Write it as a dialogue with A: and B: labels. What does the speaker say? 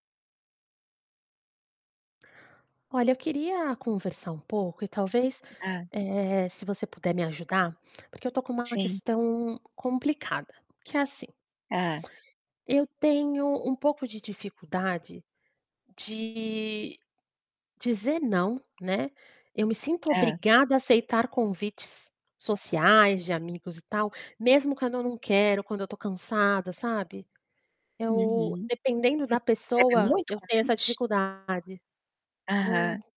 A: Olha eu queria conversar um pouco e talvez,
B: Ah.
A: eh, se você puder me ajudar, porque eu tô com uma
B: Sim.
A: questão complicada, que é assim.
B: Ah.
A: Eu tenho um pouco de dificuldade, de dizer "não", né. Eu me sinto
B: Hã.
A: obrigada a aceitar convites, sociais, de amigos e tal, mesmo quando eu não quero, quando eu estou cansada, sabe. Eu
B: Uhum.
A: dependendo
B: Hã. E
A: da
B: você recebe
A: pessoa,
B: muito
A: eu tenho essa
B: convite?
A: dificuldade. Num
B: Aham.